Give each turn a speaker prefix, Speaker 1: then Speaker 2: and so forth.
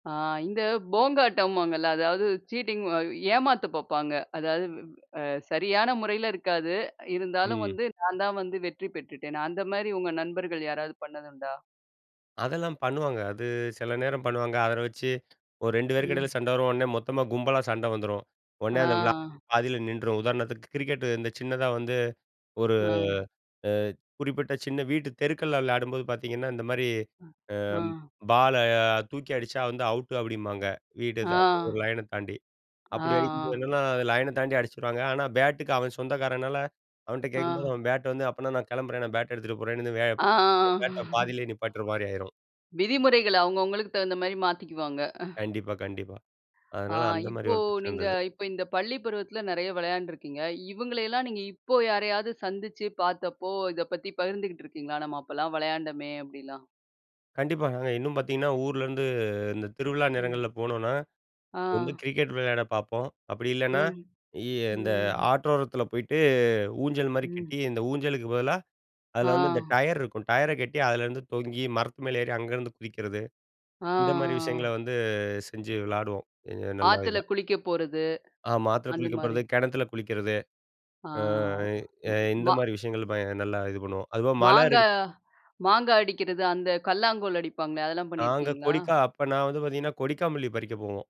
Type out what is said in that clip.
Speaker 1: ஆ இந்த போங்காட்டம்வாங்கல்ல. அதாவது சீட்டிங் அ ஏமாத்தப் பார்ப்பாங்க. அதாவது அ சரியான முறையில இருக்காது. அ இருந்தாலும்
Speaker 2: ம்.
Speaker 1: வந்து நான் தான் வந்து வெற்றி பெற்றுட்டேன். அந்தமாரி உங்க நண்பர்கள் யாராவது பண்ணது உண்டா?
Speaker 2: அதெல்லாம் பண்ணுவாங்க. அது சில நேரம் பண்ணுவாங்க. அத வச்சு ஒரு 2 பேருக்கும் இடையில
Speaker 1: ம்.
Speaker 2: சண்டை வரும். உடனே மொத்தமா கும்பலா சண்ட வந்துரும்.
Speaker 1: ஆ,
Speaker 2: உடனே அந்த விளையா
Speaker 1: ஆ.
Speaker 2: பாதியில நின்றும். உதாரணத்துக்கு கிரிக்கெட் இந்த சின்னதா வந்து ஒரு
Speaker 1: ஆ.
Speaker 2: அ குறிப்பிட்ட சின்ன வீட்டு தெருக்கள்ல விளையாடும்போது பார்த்தீங்கன்னா, இந்தமாரி
Speaker 1: அ,
Speaker 2: அ
Speaker 1: ஆ.
Speaker 2: பால அ தூக்கி அடிச்சா வந்து அவுட்டு அப்பிடிம்பாங்க. வீடு [unintelligible] ஒரு
Speaker 1: ஆ.
Speaker 2: லயன் அ தாண்டி.
Speaker 1: ஆ,
Speaker 2: அப்பிடி அடிக்கும்போது
Speaker 1: ஆ.
Speaker 2: என்னன்னா, அது லயன் அ தாண்டி அடிச்சுடுவாங்க. ஆனா, பேட்டுக்கு அவன் சொந்தக்காரனால அவன்ட்ட கேட்கும்போது,
Speaker 1: ஆ.
Speaker 2: அவன் பேட்டு வந்து அப்பன்னா நான் கிளம்புறேன். நான் பேட்ட எடுத்துட்டு போறேன்னு இந்த
Speaker 1: ஆ,
Speaker 2: [unintelligible]
Speaker 1: ஆ
Speaker 2: பேட்ட பாதியிலே நிப்பாட்றமாரி ஆயிரும்.
Speaker 1: விதிமுறைகள் அவுங்க அவுங்களுக்கு தகுந்தமாரி மாத்திக்குவாங்க.
Speaker 2: கண்டிப்பா, கண்டிப்பா.
Speaker 1: ஆ
Speaker 2: அதனால அந்தமாரி
Speaker 1: இப்போ
Speaker 2: ஒரு [unintelligible]
Speaker 1: நீங்க
Speaker 2: இருந்தது.
Speaker 1: இப்ப இந்த பள்ளி பருவத்தில நிறைய விளையாண்டு இருக்கீங்க. இவுங்களை எல்லாம் நீங்க இப்போ யாரையாவது சந்திச்சு பார்த்தப்போ, இத பத்தி பகிர்ந்துகிட்டு இருக்கீங்களா? நம்ம அப்பல்லாம் விளையாண்டமே! அப்பிடிலாம்.
Speaker 2: கண்டிப்பாங்க. இன்னும் பார்த்தீங்கன்னா, ஊரிலருந்து இந்த திருவிழா
Speaker 1: ம்.
Speaker 2: நேரங்கள்ல போனோன்னா, வந்து
Speaker 1: ஆ.
Speaker 2: கிரிக்கெட் விளையாடப் பார்ப்போம். அப்பிடி இல்லன்னா,
Speaker 1: ம்.
Speaker 2: இ இந்த
Speaker 1: ம்.
Speaker 2: ஆற்றோரத்தில போயிட்டு ஊஞ்சல்மாரி
Speaker 1: ம்.
Speaker 2: கட்டி, இந்த ஊஞ்சலுக்கு பதிலா அதில வந்து இந்த
Speaker 1: ஆ
Speaker 2: டயர் இருக்கும். டயர கட்டி அதுலருந்து தொங்கி மரத்து மேலே ஏறி அங்கருந்து குதிக்கிறது.
Speaker 1: ஆ, ஆ,
Speaker 2: இந்தமாரி விஷயங்கள
Speaker 1: ஆ.
Speaker 2: வந்து செஞ்சு விளையாடுவோம். அ நல்லா
Speaker 1: ஆத்துல
Speaker 2: இதா.
Speaker 1: குளிக்க போறது,
Speaker 2: ஆமா. ஆத்துல குளிக்க
Speaker 1: அந்தமாரி.
Speaker 2: போறது. கிணத்துல குளிக்கிறது.
Speaker 1: ஆ,
Speaker 2: ஆ, ஏ
Speaker 1: ம், மா
Speaker 2: இந்தமாரி விஷயங்கள் ப நல்லா இது பண்ணுவோம். அதுபோக மழ
Speaker 1: மாங்கா,
Speaker 2: இருக்
Speaker 1: மாங்கா அடிக்கிறது அந்த கல்லாங்கோல் அடிப்பாங்களே! அதெல்லாம்
Speaker 2: நாங்க
Speaker 1: பண்ணியிருக்கீங்களா?
Speaker 2: கொடிக்கா அப்ப நான் வந்து பார்த்தீங்கன்னா, கொடிக்காமல்லி பறிக்க போவோம்.